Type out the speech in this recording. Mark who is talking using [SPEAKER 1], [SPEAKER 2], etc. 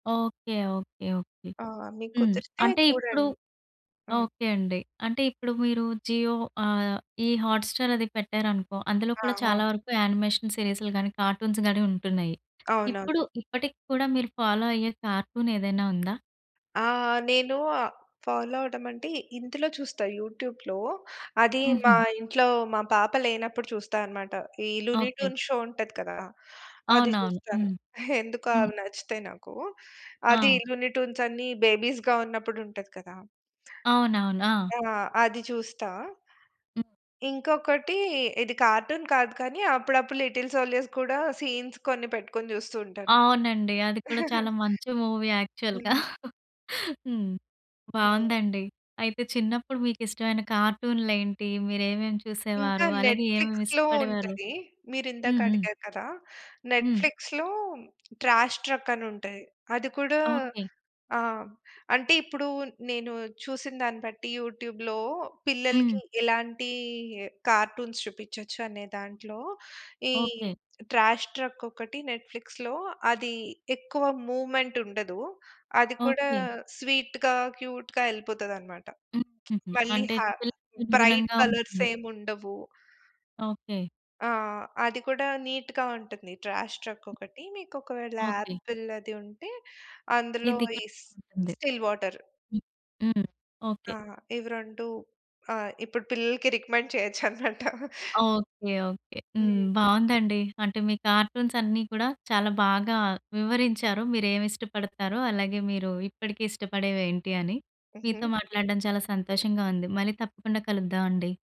[SPEAKER 1] Okay. Okay. Okay.
[SPEAKER 2] ఆ! మీకు
[SPEAKER 1] హ్మ్.
[SPEAKER 2] కుదిరితే
[SPEAKER 1] అంటే ఇప్పుడు
[SPEAKER 2] చూడండి. అవును.
[SPEAKER 1] ఓకే అండి. అంటే ఇప్పుడు మీరు జియో ఆహ్, ఈ హాట్‌స్టార్ అది పెట్టారనుకో, అందులో కూడా
[SPEAKER 2] ఆహా!
[SPEAKER 1] చాలా వరకు యానిమేషన్ సీరీస్‌లు గాని, కార్టూన్స్‌ గాని ఉంటున్నాయి. ఇప్పుడు,
[SPEAKER 2] అవునవును.
[SPEAKER 1] ఇప్పటికి కూడా మీరు ఫాలో అయ్యే కార్టూనేదైనా ఉందా?
[SPEAKER 2] ఆ! నేను ఆహ్, ఫాలో అవ్వడమంటే, ఇందులో చూస్తా యూట్యూబ్‌లో. అది మా
[SPEAKER 1] హుహు.
[SPEAKER 2] ఇంట్లో మా పాప లేనప్పుడు చూస్తా అన్నమాట. ఈ 'లూని
[SPEAKER 1] ఓకే.
[SPEAKER 2] ట్యూన్' షో ఉంటది కదా! అది
[SPEAKER 1] అవునవును.
[SPEAKER 2] చూస్తాను.
[SPEAKER 1] హ్మ్.
[SPEAKER 2] ఎందుకొ
[SPEAKER 1] హ్మ్.
[SPEAKER 2] అవి నచ్చుతాయి నాకు. అది
[SPEAKER 1] ఆ!
[SPEAKER 2] 'లూని ట్యూన్స్' అన్ని బేబీస్‌గా ఉన్నప్పుడు ఉంటది కదా!
[SPEAKER 1] అవునవును. ఆ!
[SPEAKER 2] ఆ! అది చూస్తా.
[SPEAKER 1] హ్మ్.
[SPEAKER 2] ఇ ఇంకొకటి ఇది కార్టూన్ కాదు కానీ, అప్పుడప్పుడు 'లిటిల్‌ సోల్జర్స్‌' కూడా సీన్స్ కొన్ని పెట్టుకొని చూస్తూ ఉంటాను.
[SPEAKER 1] అవునండి. అది కూడా చాలా మంచి మూవీ యాక్చువల్‌గా.
[SPEAKER 2] హ్మ్.
[SPEAKER 1] హ్మ్.
[SPEAKER 2] ఆ!
[SPEAKER 1] బావుందండి. అయితే చిన్నప్పుడు మీకిష్టమైన కార్టూన్‌‌లేంటి? మీరేమేమి
[SPEAKER 2] ఇంకా
[SPEAKER 1] చూసేవారు? అలాగే ఏమేమి
[SPEAKER 2] నెట్‌ఫ్లిక్స్‌లో
[SPEAKER 1] ఇష్టపడేవారు?
[SPEAKER 2] ఉంటది. మీరిందాక
[SPEAKER 1] హుహు.
[SPEAKER 2] అడిగారు కదా!
[SPEAKER 1] హ్మ్.
[SPEAKER 2] నెట్‌ఫ్లిక్స్‌లో 'ట్రాష్ ట్రక్' అనుంటది. అది కూడా
[SPEAKER 1] ఓకే.
[SPEAKER 2] ఆ! అంటే ఇప్పుడు నేను చూసిన దాన్ని బట్టి యూట్యూబ్‌లో, పిల్లలకి
[SPEAKER 1] హ్మ్.
[SPEAKER 2] ఎలాంటి కార్టూన్స్ చూపించొచ్చు అనే దాంట్లో, ఈ
[SPEAKER 1] ఓకే.
[SPEAKER 2] 'ట్రాష్ ట్రక్' ఒకటి నెట్‌ఫ్లిక్స్‌లో. అది ఎక్కువ మూవ్‌మెంట్ ఉండదు. అది కూడా
[SPEAKER 1] ఓకే.
[SPEAKER 2] స్వీట్‌గా, క్యూట్‌గా ఎళ్ళిపోతదన్నమాట.
[SPEAKER 1] హుహుహు.
[SPEAKER 2] మళ్ళీ
[SPEAKER 1] అంటే
[SPEAKER 2] హా
[SPEAKER 1] పిల్లలకు
[SPEAKER 2] బ్రైట్
[SPEAKER 1] అనుగుణంగా
[SPEAKER 2] కలర్స్
[SPEAKER 1] ఉంటుంది.
[SPEAKER 2] ఏం ఉండవు.
[SPEAKER 1] ఓకే.
[SPEAKER 2] ఆ! అది కూడా నీట్‌గా ఉంటుంది. 'ట్రాష్ ట్రక్' ఒకటి. మీకు ఒకవేళ
[SPEAKER 1] ఓకే.
[SPEAKER 2] ఆపిల్ అది ఉంటే అందులో
[SPEAKER 1] ఇది
[SPEAKER 2] ఈ
[SPEAKER 1] కుడా బావుంటుంది.
[SPEAKER 2] 'Still water.'
[SPEAKER 1] హ్మ్. హ్మ్.
[SPEAKER 2] ఆ!
[SPEAKER 1] ఓకే.
[SPEAKER 2] ఇవి రెండు ఆ! ఇప్పుడు పిల్లలకి రికమెండ్ చేయొచ్చన్నమాట.
[SPEAKER 1] ఓకే. ఓకే.
[SPEAKER 2] హ్మ్.
[SPEAKER 1] హ్మ్. బావుందండి. అంటే మీ కార్టూన్సన్నీ కూడా చాలా బాగా వివరించారు మీరేమి ఇష్టపడతారో, అలాగే మీరు ఇప్పటికే ఇష్టపడేవేంటి అని. మీతో
[SPEAKER 2] హుహు.
[SPEAKER 1] మాట్లాడడం చాలా సంతోషంగా ఉంది. మళ్ళీ తప్పకుండా కలుద్దామండి.